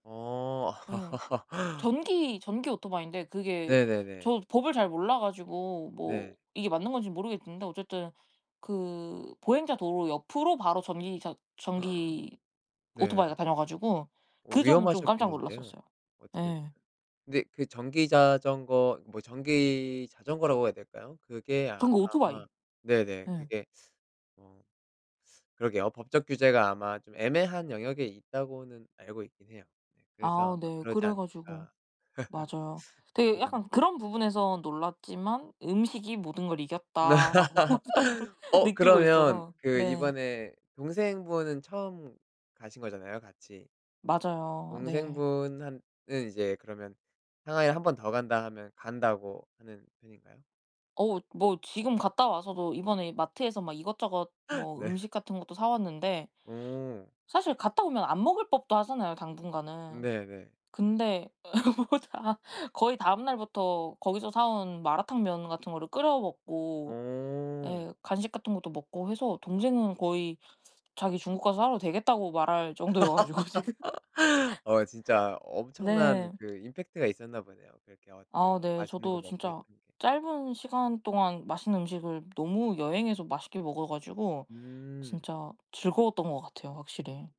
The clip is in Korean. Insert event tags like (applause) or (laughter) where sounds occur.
어. 예. (laughs) 전기 전기 오토바이인데 그게 네네네. 저도 법을 잘 몰라 가지고 뭐 네. 이게 맞는 건지 모르겠는데 어쨌든 그 보행자 도로 옆으로 바로 전기 자 (gasps) 전기 네. 오토바이가 다녀 가지고 오 그 점은 좀 깜짝 위험하셨겠는데요. 놀랐었어요. 어떻게 예. 근데 그 전기 자전거 뭐 전기 자전거라고 해야 될까요? 그게 아 그런 거 오토바이. 아마 네네. 예. 그게 (sucks teeth) 어 (sucks teeth) 그러게요. 법적 규제가 아마 좀 애매한 영역에 있다고는 알고 있긴 해요. 예. 그래서 아우 아마 네. 그러지 그래 가지고 않을까. 맞아요. (laughs) 되게 그냥 약간 '그런 부분에선 놀랐지만 음식이 모든 걸 이겼다.'라고 저는 (laughs) 어 느끼고 그러면 있어서 그 네. 이번에 동생분은 처음 가신 거잖아요 같이. 맞아요. 네. 동생분한 은 이제 그러면 상하이를 1 번 더 간다 하면 간다고 하는 편인가요? 어 뭐 지금 갔다 와서도 이번에 마트에서 막 이것저것 (laughs) 뭐 네. 음식 같은 것도 사 왔는데 오. 사실 갔다 오면 안 먹을 법도 하잖아요 당분간은. 네네. 근데 (laughs) 뭐 다 거의 다음날부터 거기서 사온 마라탕면 같은 거를 끓여 먹고 오. 예 간식 같은 것도 먹고 해서 동생은 거의 자기 중국 가서 살아도 되겠다고 말할 정도여 가지고 지금. (laughs) (laughs) 어 진짜 엄청난 네. 그 임팩트가 있었나 보네요, 그렇게 어떻게 아 네. 맛있는 거 저도 먹고 진짜 했던 게. 짧은 시간 동안 맛있는 음식을 너무 여행에서 맛있게 먹어 가지고 음. 진짜 즐거웠던 것 같아요 확실히.